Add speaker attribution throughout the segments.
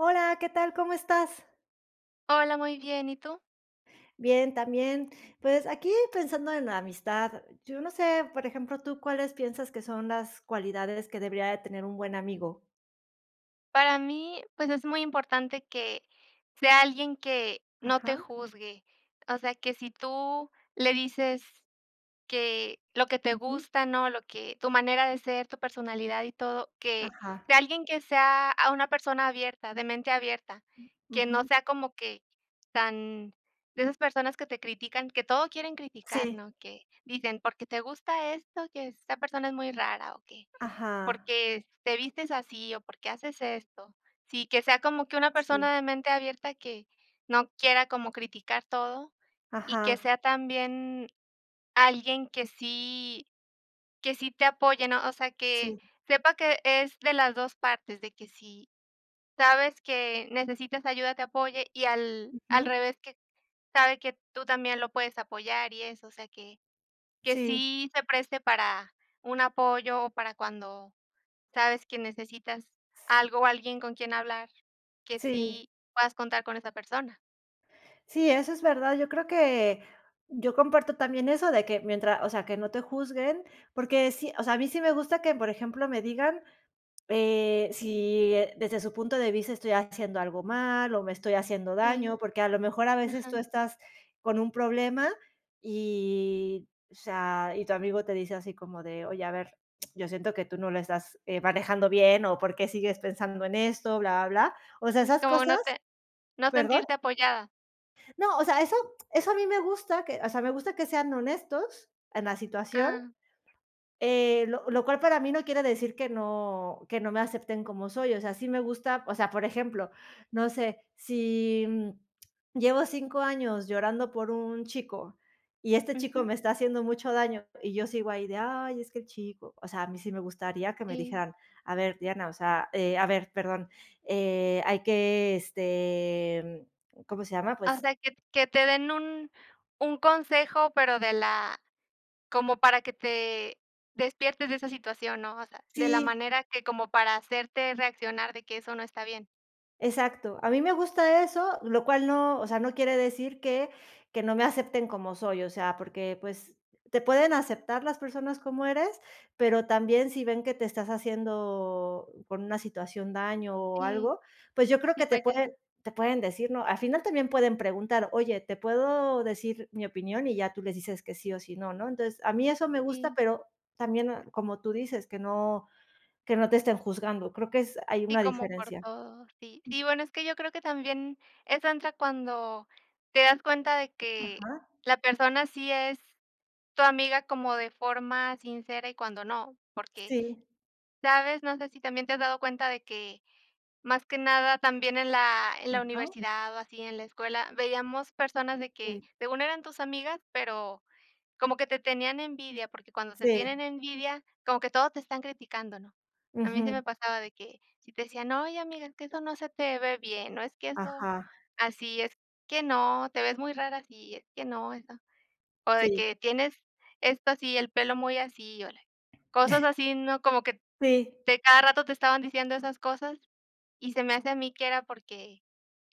Speaker 1: Hola, ¿qué tal? ¿Cómo estás?
Speaker 2: Hola, muy bien, ¿y tú?
Speaker 1: Bien, también, pues, aquí pensando en la amistad, yo no sé, por ejemplo, ¿tú cuáles piensas que son las cualidades que debería de tener un buen amigo?
Speaker 2: Para mí, pues, es muy importante que sea alguien que no te
Speaker 1: Ajá.
Speaker 2: juzgue, o sea, que si tú le dices que lo que te
Speaker 1: Ujú
Speaker 2: gusta, ¿no? Lo que tu manera de ser, tu personalidad y todo, que
Speaker 1: Ajá.
Speaker 2: sea alguien que sea a una persona abierta, de mente abierta,
Speaker 1: Mm.
Speaker 2: que no
Speaker 1: Ujú.
Speaker 2: sea como que tan de esas personas que te critican, que todo quieren criticar,
Speaker 1: Sí.
Speaker 2: ¿no? Que dicen, porque te gusta esto, que esta persona es muy rara, o que
Speaker 1: Ajá.
Speaker 2: porque te vistes así o porque haces esto. Sí, que sea como que una
Speaker 1: Sí.
Speaker 2: persona de mente abierta que no quiera como criticar todo y que
Speaker 1: Ajá.
Speaker 2: sea también alguien que sí que sí te apoye, ¿no? O sea, que
Speaker 1: Sí.
Speaker 2: sepa que es de las 2 partes, de que si sabes que necesitas ayuda, te apoye y al
Speaker 1: Ujú.
Speaker 2: revés, que sabe que tú también lo puedes apoyar y eso, o sea, que que
Speaker 1: Sí.
Speaker 2: sí se preste para un apoyo o para cuando sabes que necesitas algo o alguien con quien hablar, que
Speaker 1: Sí.
Speaker 2: sí puedas contar con esa persona.
Speaker 1: Sí, eso es verdad. Yo creo que yo comparto también eso de que mientras o sea, que no te juzguen, porque sí, o sea, a mí sí me gusta que, por ejemplo, me digan, eh, si desde su punto de vista estoy haciendo algo mal o me estoy haciendo daño,
Speaker 2: Sí.
Speaker 1: porque a lo mejor a veces tú
Speaker 2: Ajá.
Speaker 1: estás con un problema y, o sea, y tu amigo te dice así como de: "Oye, a ver, yo siento que tú no lo estás, eh, manejando bien o por qué sigues pensando en esto", blablablá. O sea,
Speaker 2: Y
Speaker 1: esas
Speaker 2: como no
Speaker 1: cosas
Speaker 2: te no
Speaker 1: ¿Perdón?
Speaker 2: sentirte apoyada.
Speaker 1: No, o sea, eso eso a mí me gusta que o sea, me gusta que sean honestos en la situación,
Speaker 2: [unintelligible]
Speaker 1: eh, lo lo cual para mí no quiere decir que no que no me acepten como soy. O sea, sí me gusta o sea, por ejemplo, no sé, si, mm, llevo 5 años llorando por un chico y este chico
Speaker 2: Ujú.
Speaker 1: me está haciendo mucho daño y yo sigo ahí de: "Ay, es que el chico". O sea, a mí sí me gustaría que me
Speaker 2: Sí.
Speaker 1: dijeran: "A ver, Diana", o sea, eh, a ver, perdón, eh, hay que, este, mm, ¿cómo se llama?,
Speaker 2: Ah, o
Speaker 1: pues
Speaker 2: sea, que t que te den un un consejo, pero de la como para que te despiertes de esa situación, ¿no? O sea, de la
Speaker 1: Sí.
Speaker 2: manera que como para hacerte reaccionar de que eso no está bien.
Speaker 1: Exacto, a mí me gusta eso, lo cual no, o sea, no quiere decir que que no me acepten como soy, o sea, porque, pues, te pueden aceptar las personas como eres, pero también si ven que te estás haciendo, por una situación daño o
Speaker 2: Sí.
Speaker 1: algo, pues yo creo que te
Speaker 2: [unintelligible]
Speaker 1: pueden te pueden decir, ¿no?, al final también pueden preguntar: "Oye, te puedo decir mi opinión", y ya tú les dices que sí, o si, no, ¿no? Entonces, a mí eso me gusta,
Speaker 2: Sí.
Speaker 1: pero también no, como tú dices, que no que no te estén juzgando. Creo que es hay
Speaker 2: Sí
Speaker 1: una
Speaker 2: como por
Speaker 1: diferencia.
Speaker 2: todo, sí. Sí, bueno, es que yo creo que también, esa entra cuando te das cuenta de que
Speaker 1: Ajá.
Speaker 2: la persona sí es tu amiga como de forma sincera y cuando no, porque
Speaker 1: Sí.
Speaker 2: sabes, no sé si también te has dado cuenta de que, más que nada, también en la en la
Speaker 1: [unintelligible]
Speaker 2: universidad o así en la escuela veíamos personas de que
Speaker 1: Sí.
Speaker 2: según eran tus amigas, pero como que te tenían envidia, porque cuando te
Speaker 1: Sí.
Speaker 2: tienen envidia, como que todo te están criticando, ¿no?, a mí sí
Speaker 1: Ujú.
Speaker 2: me pasaba de que si te decían: "Oye, amiga, que eso no se te ve bien, no es que eso,
Speaker 1: Ajá.
Speaker 2: así es que no, te ves muy rara así, es que no, eso", o de
Speaker 1: Sí.
Speaker 2: que: "Tienes esto así, el pelo muy así", [unintelligible] cosas así, ¿no?, como que
Speaker 1: Sí.
Speaker 2: de cada rato te estaban diciendo esas cosas y se me hace a mí que era porque,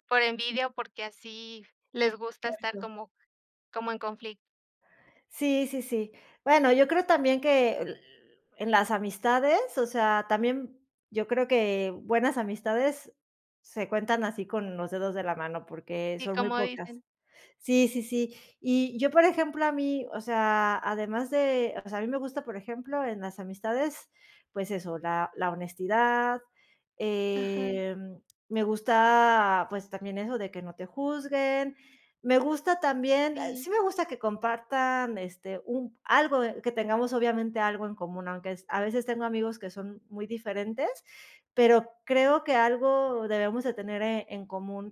Speaker 2: por envidia o porque así les gusta estar
Speaker 1: Cierto.
Speaker 2: como como en confli
Speaker 1: Sí, sí, sí. Bueno, yo creo también que en las amistades, o sea, también, yo creo que buenas amistades se cuentan así con los dedos de la mano, porque
Speaker 2: ¿Y
Speaker 1: son muy
Speaker 2: como
Speaker 1: pocas.
Speaker 2: dicen?
Speaker 1: Sí, sí, sí. Y yo, por ejemplo, a mí, o sea, además de, o sea, a mí me gusta, por ejemplo, en las amistades, pues eso, la la honestidad,
Speaker 2: Ajá.
Speaker 1: em, me gusta, pues, también eso de que no te juzguen. Me gusta también
Speaker 2: Sí.
Speaker 1: sí me gusta que compartan, este, un algo que tengamos obviamente algo en común, aunque es a veces tengo amigos que son muy diferentes, pero creo que algo debemos de tener en común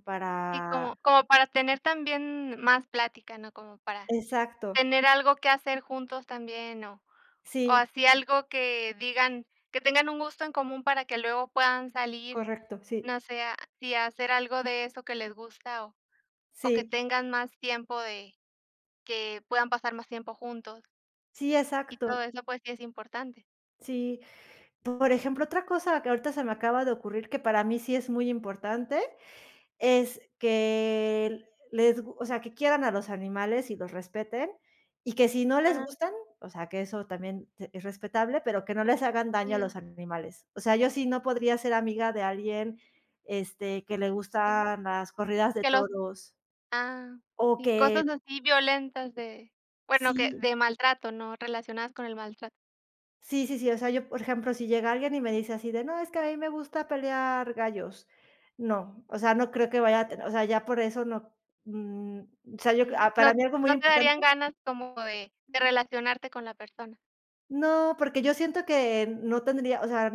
Speaker 2: Sí, como
Speaker 1: para
Speaker 2: como para tener también más plática, ¿no? Como para
Speaker 1: exacto.
Speaker 2: tener algo que hacer juntos también o o
Speaker 1: Sí.
Speaker 2: así algo que digan que tengan un gusto en común para que luego puedan salir,
Speaker 1: Correcto, sí.
Speaker 2: no sé a si a hacer algo de eso que les gusta o o que
Speaker 1: Sí.
Speaker 2: tengan más tiempo de que puedan pasar más tiempo juntos.
Speaker 1: Sí,
Speaker 2: Y todo
Speaker 1: exacto.
Speaker 2: eso, pues sí es importante.
Speaker 1: Sí. Por ejemplo, otra cosa que ahorita se me acaba de ocurrir, que para mí sí es muy importante, es que les gu o sea, que quieran a los animales y los respeten, y que si no les
Speaker 2: Ajá.
Speaker 1: gustan, o sea, que eso también es respetable, pero que no les hagan daño a los
Speaker 2: Sí.
Speaker 1: animales. O sea, yo sí no podría ser amiga de alguien, este, que le
Speaker 2: Que
Speaker 1: gustan las corridas de
Speaker 2: los
Speaker 1: toros.
Speaker 2: ah,
Speaker 1: O
Speaker 2: sí,
Speaker 1: que
Speaker 2: cosas así violentas de, bueno, que
Speaker 1: Sí.
Speaker 2: de maltrato, ¿no? Relacionadas con el maltrato.
Speaker 1: Sí, sí, sí. O sea, yo por ejemplo, si llega alguien y me dice así de: "No es que a mí me gusta pelear gallos". No, o sea, no creo que vaya a te ya por eso no, mm, sea, yo
Speaker 2: Sí.
Speaker 1: a
Speaker 2: No
Speaker 1: para mí algo muy
Speaker 2: no te darían
Speaker 1: importante.
Speaker 2: ganas como de de relacionarte con la persona.
Speaker 1: No, porque yo siento que, no tendría, o sea,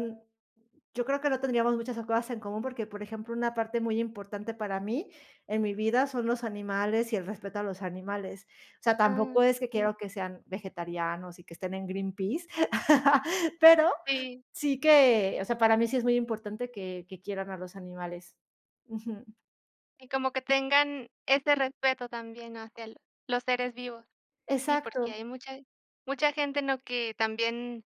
Speaker 1: yo creo que no tendríamos muchas cosas en común, porque, por ejemplo, una parte muy importante para mí, en mi vida, son los animales y el respeto a los animales. O sea,
Speaker 2: Ah,
Speaker 1: tampoco es que
Speaker 2: sí.
Speaker 1: quiero que sean vegetarianos y que estén en Greenpeace. Pero,
Speaker 2: Sí.
Speaker 1: sí que o sea, para mí sí es muy importante que que quieran a los animales Ujú.
Speaker 2: Y como que tengan ese respeto también hacia los seres vivos. Sí, porque hay
Speaker 1: Exacto.
Speaker 2: mucha mucha gente, ¿no?, que también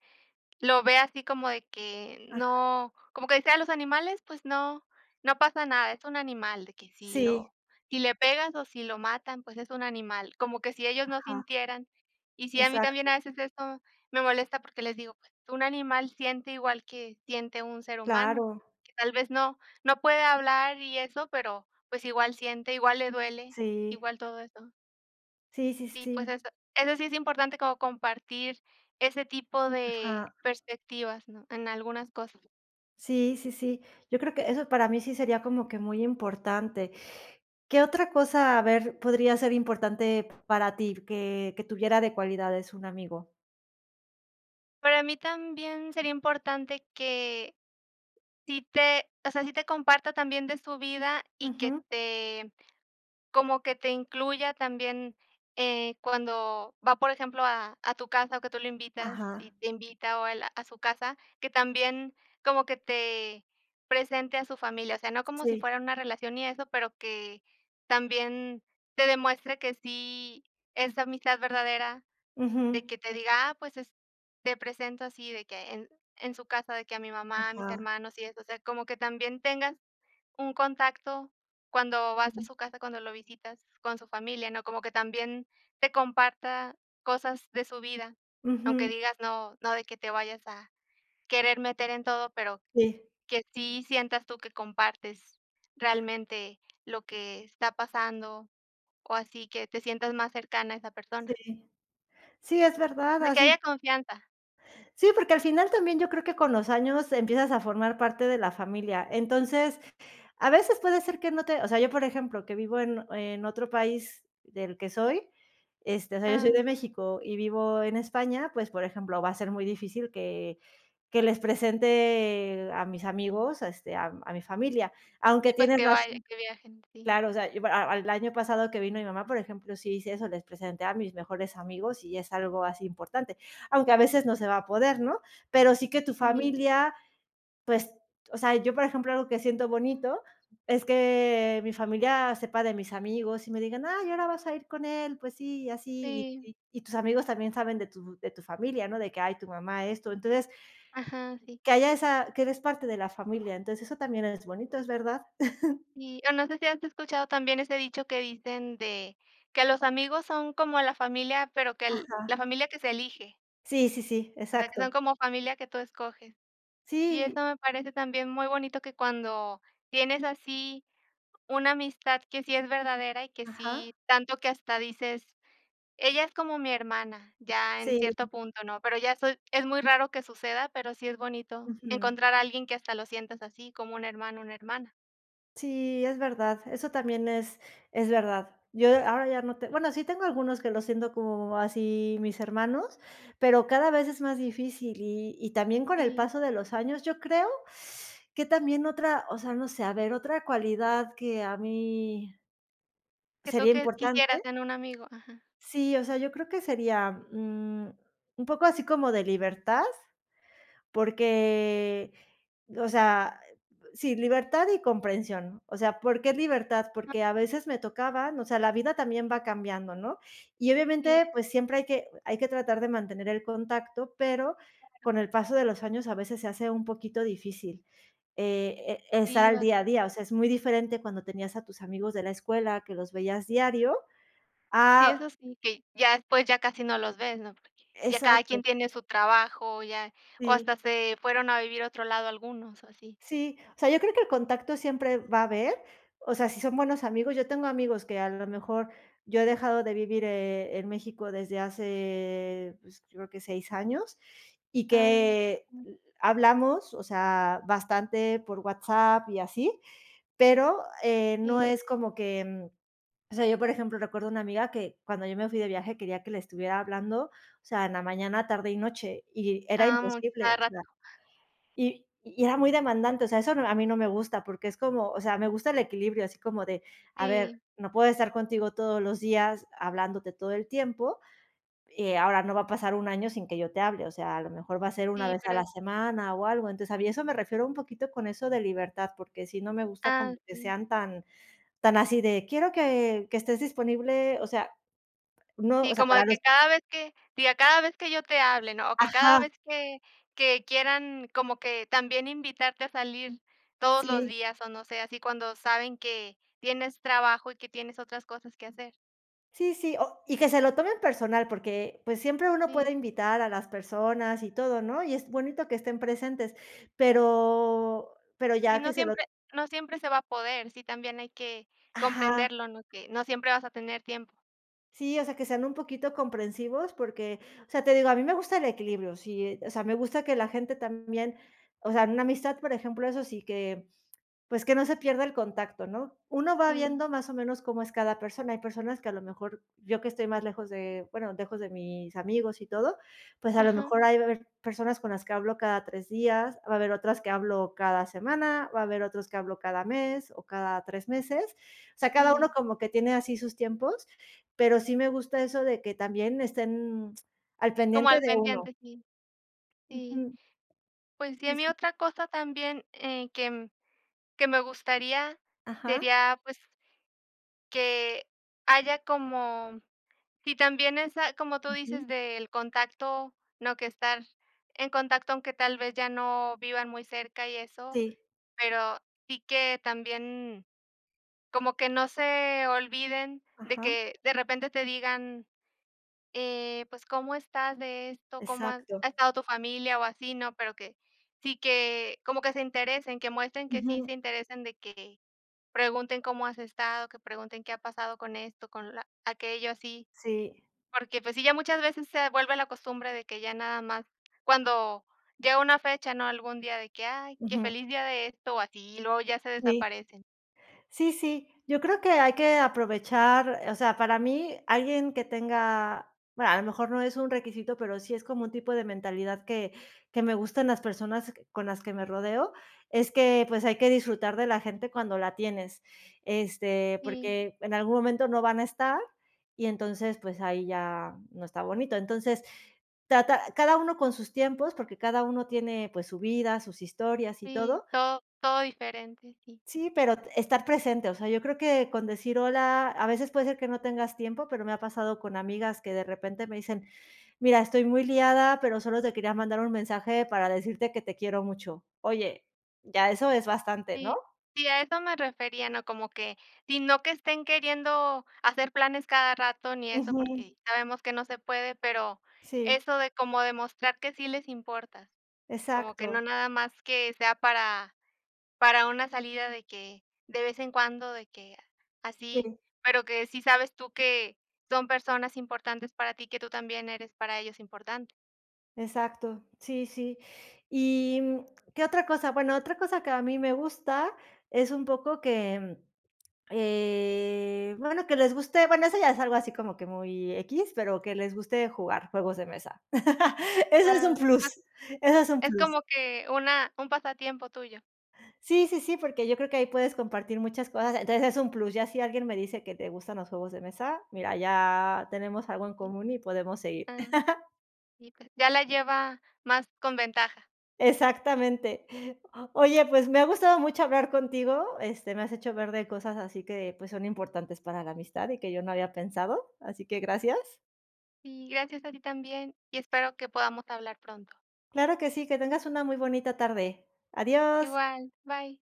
Speaker 2: lo ve así como de que
Speaker 1: Ajá.
Speaker 2: no, como que decían, los animales pues no, no pasa nada. Es un animal de que si
Speaker 1: Sí.
Speaker 2: lo, si le pegas o si lo matan, pues es un animal. Como que si ellos no
Speaker 1: Ajá.
Speaker 2: sintieran, y sí, a mí también
Speaker 1: Exacto.
Speaker 2: a veces eso me molesta porque les digo: "Pues un animal siente igual que siente un ser humano".
Speaker 1: Claro.
Speaker 2: Tal vez no, no puede hablar y eso, pero pues igual siente, igual le duele,
Speaker 1: Sí.
Speaker 2: igual todo eso.
Speaker 1: Sí, sí,
Speaker 2: SÍ, pues
Speaker 1: sí.
Speaker 2: eso, eso sí es importante como compartir ese tipo de
Speaker 1: Ajá.
Speaker 2: perspectivas, ¿no? En algunas cosas.
Speaker 1: Sí, sí, sí. Yo creo que eso para mí sí sería como que muy importante. ¿Qué otra cosa, a ver, podría ser importante para ti que que tuviera de cualidades un amigo?
Speaker 2: Para mí también sería importante que si te o sea, si te comparta también de su vida y que
Speaker 1: Ujú.
Speaker 2: te, como que te incluya también, eh, cuando va, por ejemplo, a a tu casa o que tú lo invitas y
Speaker 1: Ajá.
Speaker 2: te invita o al a su casa. Que también como que te presente a su familia, o sea, no como si
Speaker 1: Sí.
Speaker 2: fuera una relación y eso, pero que también te demuestre que si es amistad verdadera, de
Speaker 1: Ujú.
Speaker 2: que te diga: "Ah, pues es te presento, así de que en en su casa, de que a mi mamá, a mis
Speaker 1: Ajá.
Speaker 2: hermanos", y eso, o sea, como que también tengas un contacto cuando vas a
Speaker 1: Sí.
Speaker 2: su casa, cuando lo visitas con su familia, ¿no? Como que también te comparta cosas de su vida, aunque
Speaker 1: Ujú.
Speaker 2: digas, no no de que te vayas a querer meter en todo, pero
Speaker 1: Sí.
Speaker 2: que sí sientas tú que compartes realmente lo que está pasando, o así que te sientas más cercana a esa persona.
Speaker 1: Sí. Sí es verdad,
Speaker 2: De que haya
Speaker 1: así.
Speaker 2: confianza.
Speaker 1: Sí, porque al final también yo creo que con los años empiezas a formar parte de la familia. Entonces, a veces puede ser que no te o sea, yo por ejemplo, que vivo en en otro país del que soy, este, o sea, yo soy de
Speaker 2: Ah.
Speaker 1: México y vivo en España, pues, por ejemplo, va a ser muy difícil que que les presente a mis amigos, este, a a mi familia, aunque
Speaker 2: SÍ pues
Speaker 1: tienes
Speaker 2: que vayan,
Speaker 1: razón.
Speaker 2: que viajen, sí.
Speaker 1: Claro, o sea, yo al al año pasado que vino mi mamá, por ejemplo, sí hice eso, les presenté a mis mejores amigos y es algo así importante. Aunque a veces no se va a poder, ¿no? Pero sí que tu
Speaker 2: Sí.
Speaker 1: familia, pues, o sea, yo por ejemplo, algo que siento bonito es que mi familia sepa de mis amigos y me digan: "Ay, ahora vas a ir con él, pues sí, y así",
Speaker 2: Sí.
Speaker 1: y y y tus amigos también saben de tu de tu familia, ¿no? De que: "Ay, tu mamá, esto". Entonces,
Speaker 2: Ajá, sí.
Speaker 1: que haya esa que eres parte de la familia. Entonces, eso también es bonito, es verdad.
Speaker 2: Sí. O no sé si has escuchado también ese dicho que dicen de que los amigos son como la familia, pero que el la
Speaker 1: Ajá.
Speaker 2: familia que se elige.
Speaker 1: Sí sí sí,
Speaker 2: O sea, que
Speaker 1: exacto.
Speaker 2: son como familia que tú escoges. Y
Speaker 1: Sí.
Speaker 2: eso me parece también muy bonito, que cuando tienes así una amistad que sí es verdadera y que
Speaker 1: Ajá.
Speaker 2: sí tanto que hasta dices: "Ella es como mi hermana", ya en cierto
Speaker 1: Sí.
Speaker 2: punto, ¿no?, pero ya soy es muy raro que suceda, pero sí es bonito
Speaker 1: Ujú.
Speaker 2: encontrar a alguien que hasta lo sientas así, como un hermano, una hermana.
Speaker 1: Sí, es verdad, eso también es es verdad. Yo ahora ya no te bueno, sí tengo algunos que los siento como, así, mis hermanos, pero cada vez es más difícil y y también con el
Speaker 2: Sí.
Speaker 1: paso de los años, yo creo que también otra, o sea, no sé, a ver, otra cualidad que a mí
Speaker 2: Que
Speaker 1: sería
Speaker 2: toque
Speaker 1: importante,
Speaker 2: quisieras en un amigo, ajá.
Speaker 1: sí, o sea, yo creo que sería, mm, un poco así como de libertad, porque, o sea, sí, libertad y comprensión, o sea, ¿por qué libertad? Porque a veces me tocaba, o sea, la vida también va cambiando, ¿no?, y,
Speaker 2: Sí.
Speaker 1: obviamente, pues siempre hay que hay que tratar de mantener el contacto, pero
Speaker 2: Claro.
Speaker 1: con el paso de los años a veces se hace un poquito difícil, eh eh, estar
Speaker 2: Sí,
Speaker 1: al día a
Speaker 2: bastante.
Speaker 1: día, o sea, es muy diferente cuando tenías a tus amigos de la escuela que los veías diario
Speaker 2: Sí,
Speaker 1: a
Speaker 2: eso sí, que ya después ya casi no los ves, ¿no?, porque ya cada quien
Speaker 1: Exacto.
Speaker 2: tiene su trabajo, ya, o hasta
Speaker 1: Sí.
Speaker 2: se fueron a vivir a otro lado algunos, así.
Speaker 1: Sí, o sea, yo creo que el contacto siempre va a haber, o sea, si son buenos amigos, yo tengo amigos que a lo mejor yo he dejado de vivir, eh, en México desde hace, pues, creo que 6 años y
Speaker 2: Ah,
Speaker 1: que
Speaker 2: mm.
Speaker 1: hablamos, o sea, bastante por WhatsApp y así, pero, eh, no
Speaker 2: Sí.
Speaker 1: es como que, mm, o sea, yo por ejemplo, recuerdo a una amiga que cuando yo me fui de viaje quería que le estuviera hablando, o sea, en la mañana, tarde y noche, y era
Speaker 2: Ah, mm, a
Speaker 1: imposible,
Speaker 2: cada
Speaker 1: o
Speaker 2: rato.
Speaker 1: sea, y y era muy demandante, o sea, eso a mí no me gusta porque es como, o sea, me gusta el equilibrio, así como de, a ver,
Speaker 2: Sí.
Speaker 1: no puedo estar contigo todos los días hablándote todo el tiempo, eh, ahora, no va a pasar 1 año sin que yo te hable, o sea, a lo mejor va a ser 1
Speaker 2: Sí,
Speaker 1: vez a
Speaker 2: pero es
Speaker 1: la semana, o algo, entonces, a mí eso me refiero un poquito con eso de libertad, porque sí, no me gusta como
Speaker 2: Ah,
Speaker 1: que
Speaker 2: sí.
Speaker 1: sean tan tan así de: "Quiero que que estés disponible", o sea, no,
Speaker 2: Sí,
Speaker 1: o sea,
Speaker 2: como de
Speaker 1: para los
Speaker 2: que cada vez que, diga, cada vez que yo te hable, ¿no?, o que
Speaker 1: Ajá.
Speaker 2: cada vez que que quieran, como que también invitarte a salir todos los
Speaker 1: Sí.
Speaker 2: días o no sé, así, cuando saben que tienes trabajo y que tienes otras cosas que hacer.
Speaker 1: Sí, sí, o y que se lo tomen personal, porque, pues, siempre uno
Speaker 2: Sí.
Speaker 1: puede invitar a las personas y todo, ¿no?, y es bonito que estén presentes, pero pero
Speaker 2: Si,
Speaker 1: ya
Speaker 2: no
Speaker 1: que se lo
Speaker 2: siempre no siempre se va a poder, sí también hay que
Speaker 1: Ajá.
Speaker 2: comprenderlo, ¿no?, que no siempre vas a tener tiempo.
Speaker 1: Sí, o sea, que sean un poquito comprensivos porque, o sea, te digo, a mí me gusta el equilibrio, sí, o sea, me gusta que la gente también, o sea, en una amistad, por ejemplo, eso sí que, pues que no se pierda el contacto, ¿no?, uno va
Speaker 2: Sí.
Speaker 1: viendo más o menos cómo es cada persona. Hay personas que a lo mejor, yo que estoy más lejos de, bueno, lejos de mis amigos y todo, pues a lo
Speaker 2: Ajá.
Speaker 1: mejor ahí va a haber personas con las que hablo cada 3 días, va a haber otras que hablo cada semana, va a haber otros que hablo cada mes o cada 3 meses, o sea, cada uno
Speaker 2: Sí.
Speaker 1: como que tiene así sus tiempos, pero sí me gusta eso de que también estén al
Speaker 2: Como
Speaker 1: pendiente
Speaker 2: al
Speaker 1: de uno.
Speaker 2: pendiente, sí, sí.
Speaker 1: Ujú.
Speaker 2: Pues sí, a mí
Speaker 1: [unintelligible]
Speaker 2: otra cosa también, eh, que que me gustaría,
Speaker 1: Ajá.
Speaker 2: sería, pues, que haya como si también esa, como tú
Speaker 1: Ujú.
Speaker 2: dices, del contacto, no que estar en contacto, aunque tal vez ya no vivan muy cerca y eso,
Speaker 1: Sí.
Speaker 2: pero sí que también, como que no se olviden, de
Speaker 1: Ajá.
Speaker 2: que de repente te digan eh, pues: "¿Cómo estás de esto?, ¿Cómo ha
Speaker 1: Exacto.
Speaker 2: ha estado tu familia o así?", ¿no?, pero que sí, que como que se interesen, que muestren que sí
Speaker 1: Ujú.
Speaker 2: se interesen, de que pregunten: "¿Cómo has estado?", que pregunten: "¿Qué ha pasado con esto, con aquello?", así.
Speaker 1: Sí.
Speaker 2: Porque, pues, sí, ya muchas veces se vuelve la costumbre de que ya nada más cuando llega una fecha, ¿no?, algún día de que, ay, qué:
Speaker 1: Ujú.
Speaker 2: "Feliz día de esto", o así, luego ya se
Speaker 1: Sí.
Speaker 2: desaparecen.
Speaker 1: Sí sí, yo creo que hay que aprovechar, o sea, para mí alguien que tenga, a lo mejor no es un requisito, pero sí es como un tipo de mentalidad que que me gustan las personas con las que me rodeo, es que, pues, hay que disfrutar de la gente cuando la tienes, este,
Speaker 2: Sí.
Speaker 1: porque en algún momento no van a estar y entonces, pues ahí ya no está bonito. Entonces, trata cada uno con sus tiempos, porque cada uno tiene, pues su vida, sus historias y
Speaker 2: Sí,
Speaker 1: todo.
Speaker 2: todo todo diferente, sí.
Speaker 1: Sí, pero estar presente, o sea, yo creo que con decir: "Hola", a veces puede ser que no tengas tiempo, pero me ha pasado con amigas que de repente me dicen: "Mira, estoy muy liada, pero solo te quería mandar un mensaje para decirte que te quiero mucho". Oye, ya eso es bastante, ¿no?
Speaker 2: Sí. Sí, a eso me refería, ¿no?, como que si no que estén queriendo hacer planes cada rato ni eso
Speaker 1: Ujú.
Speaker 2: porque sabemos que no se puede, pero
Speaker 1: Sí.
Speaker 2: eso de como demostrar que sí les importa, como que
Speaker 1: Exacto.
Speaker 2: no nada más que sea para para una salida de que de vez en cuando, de que así,
Speaker 1: Sí.
Speaker 2: pero que sí sabes tú que son personas importantes para ti, que tú también eres para ellos importante.
Speaker 1: Exacto, sí sí ¿y, mm, qué otra cosa? Bueno, otra cosa que a mí me gusta es un poco que, eh bueno, que les guste, bueno, eso ya es algo así como que muy equis, pero que les guste jugar juegos de mesa. Eso es
Speaker 2: Ah,
Speaker 1: un plus
Speaker 2: exacto.
Speaker 1: eso es un
Speaker 2: Es
Speaker 1: plus.
Speaker 2: como que una un pasatiempo tuyo.
Speaker 1: Sí sí sí, porque yo creo que ahí puedes compartir muchas cosas, entonces, es un plus, ya si alguien me dice que te gustan los juegos de mesa, mira, ya tenemos algo en
Speaker 2: Sí,
Speaker 1: común y podemos seguir.
Speaker 2: ah. Y pues, ya la lleva más con ventaja.
Speaker 1: Exactamente, oye, pues, me ha gustado mucho hablar contigo, este, me has hecho ver de cosas así que, pues, son importantes para la amistad y que yo no había pensado, así que gracias.
Speaker 2: Sí, gracias a ti también, y espero que podamos hablar pronto.
Speaker 1: Claro que sí, que tengas una muy bonita tarde. Adiós.
Speaker 2: Igual, bye.